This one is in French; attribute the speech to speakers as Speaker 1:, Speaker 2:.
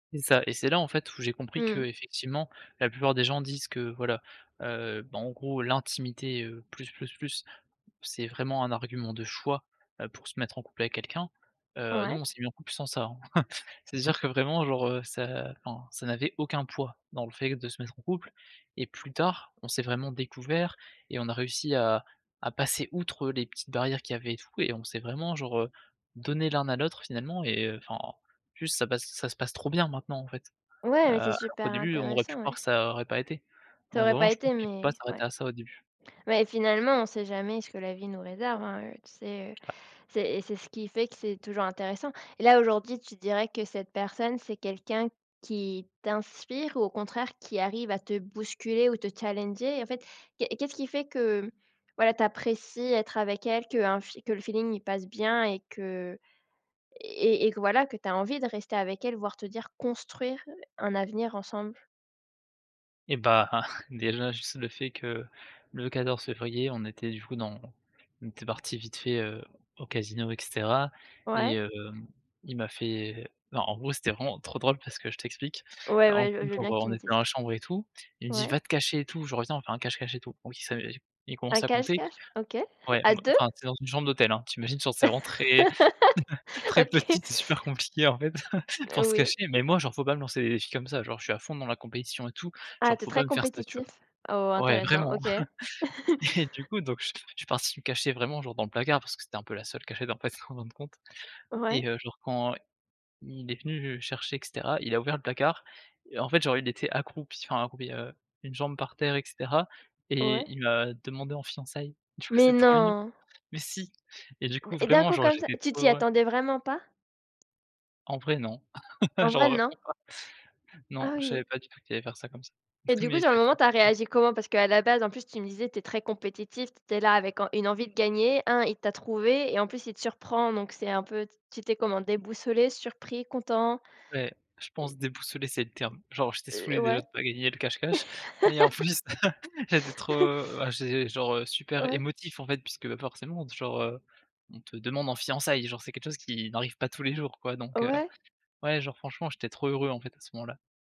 Speaker 1: C'est ça et c'est là, en fait, où j'ai compris
Speaker 2: Mmh.
Speaker 1: qu'effectivement la plupart des gens disent que, voilà, heu, bah, en gros, l'intimité, heu, plus, plus, plus, c'est vraiment un argument de choix, heu, pour se mettre en couple avec quelqu'un, heu, nous
Speaker 2: Ouais.
Speaker 1: on s'est mis en couple sans ça, hein, c'est à dire que, vraiment, genre, heu, ça enfin, ça n'avait aucun poids dans le fait de se mettre en couple et plus tard on s'est vraiment découverts et on a réussi à à passer outre les petites barrières qu'il y avait et tout et on s'est vraiment, genre, heu, donnés l'un à l'autre, finalement et heu, enfin, en plus ça passe ça se passe trop bien, maintenant, en fait.
Speaker 2: Ouais,
Speaker 1: Heu,
Speaker 2: mais c'est
Speaker 1: alors qu'au
Speaker 2: super
Speaker 1: début, on aurait pu
Speaker 2: intéressant,
Speaker 1: croire
Speaker 2: ouais.
Speaker 1: que ça aurait pas été.
Speaker 2: Ça
Speaker 1: Donc
Speaker 2: aurait
Speaker 1: vraiment,
Speaker 2: pas
Speaker 1: je pense
Speaker 2: été
Speaker 1: qu'il faut
Speaker 2: mais
Speaker 1: pas
Speaker 2: ouais.
Speaker 1: s'arrêter à ça, au début.
Speaker 2: mais finalement, on sait jamais ce que la vie nous réserve, hein, tu sais, heu,
Speaker 1: [unintelligible]
Speaker 2: c'est c'est ce qui fait que c'est toujours intéressant. Et là, aujourd'hui, tu dirais que cette personne, c'est quelqu'un qui t'inspire ou au contraire qui arrive à te bousculer ou te challenger? En fait, qu'est ce qu'est-ce qui fait que, voilà, tu apprécies être avec elle, qu'un que le feeling, il passe bien et que et et que, voilà, que tu as envie de rester avec elle, voire te dire, construire un avenir ensemble?
Speaker 1: Et bah, déjà, juste le fait que le 14 février, on était du coup dans on était partis vite fait, heu, au casino et cetera et
Speaker 2: Ouais.
Speaker 1: heu, il m'a fait non, en gros, c'était vraiment trop drôle parce que je t'explique:
Speaker 2: Ouais,
Speaker 1: en
Speaker 2: ouais, je veux
Speaker 1: gros,
Speaker 2: je veux
Speaker 1: genre,
Speaker 2: bien que tu
Speaker 1: on
Speaker 2: me
Speaker 1: était dans
Speaker 2: dises.
Speaker 1: la chambre et tout, il me dit: «Va
Speaker 2: Ouais.
Speaker 1: te cacher et tout, je reviens, on fait un cache-cache et tout». Oui, ça heu, il commence
Speaker 2: Un
Speaker 1: à compter
Speaker 2: cache-cache? OK.
Speaker 1: ouais,
Speaker 2: À 2?
Speaker 1: enfin, tu es dans une chambre d'hôtel, hein, tu imagines, genre, c'est vraiment très, très
Speaker 2: OK.
Speaker 1: petit, c'est super compliqué, en fait, pour
Speaker 2: Heu,
Speaker 1: se
Speaker 2: oui.
Speaker 1: cacher mais moi, genre, il faut pas me lancer des défis comme ça, genre, je suis à fond dans la compétition et tout,
Speaker 2: Ah!
Speaker 1: genre, il
Speaker 2: Tu es
Speaker 1: faut pas
Speaker 2: très
Speaker 1: me faire ça, tu
Speaker 2: compétitif? Oh,
Speaker 1: vois? Ouais,
Speaker 2: intéressant,
Speaker 1: vraiment
Speaker 2: OK.
Speaker 1: et du coup, donc je je suis parti me cacher vraiment, genre, dans le placard parce que c'était un peu la seule cachette, en fait, en fin de compte
Speaker 2: Ouais.
Speaker 1: et heu, genre, quand il est venu chercher et cetera, il a ouvert le placard, et en fait, genre, il était accroupi, enfin, accroupi, heu, une jambe par terre et cetera et
Speaker 2: Ouais.
Speaker 1: il m'a demandé en fiançailles, du coup,
Speaker 2: Mais
Speaker 1: c'est trop mignon!
Speaker 2: non!
Speaker 1: Mais si! Et du coup,
Speaker 2: Et d'un
Speaker 1: vraiment,
Speaker 2: coup
Speaker 1: genre,
Speaker 2: comme ça
Speaker 1: j'étais
Speaker 2: tu
Speaker 1: trop
Speaker 2: t'y
Speaker 1: heureux!
Speaker 2: attendais vraiment pas?
Speaker 1: En vrai, non.
Speaker 2: En
Speaker 1: J'en
Speaker 2: vrai,
Speaker 1: revenais
Speaker 2: non?
Speaker 1: pas. Non,
Speaker 2: Ah
Speaker 1: je savais
Speaker 2: oui!
Speaker 1: pas du tout qu'il allait faire ça comme ça.
Speaker 2: Et du coup,
Speaker 1: Mais
Speaker 2: sur le
Speaker 1: c'était.
Speaker 2: moment, tu as
Speaker 1: [unintelligible]
Speaker 2: réagi comment? Parce qu'à la base, en plus, tu me disais, tu es très compétitif, tu es là avec en une envie de gagner, 1: il t'a trouvé et en plus il te surprend, donc c'est un peu tu étais comment? Déboussolé? Surpris? Content?
Speaker 1: Beh, je pense déboussolé, c'est le terme. Genre, j'étais
Speaker 2: Et
Speaker 1: saoulé,
Speaker 2: heu,
Speaker 1: déjà,
Speaker 2: ouais.
Speaker 1: de pas gagner le cache-cache mais en plus, j'étais trop, ah, j'ai genre, heu, super
Speaker 2: Ouais.
Speaker 1: émotif, en fait, puisque forcément, genre, heu, on te demande en fiançailles! Genre, c'est quelque chose qui n'arrive pas tous les jours, quoi, donc heu
Speaker 2: Ouais.
Speaker 1: ouais, genre, franchement, j'étais trop heureux, en fait, à ce moment-là.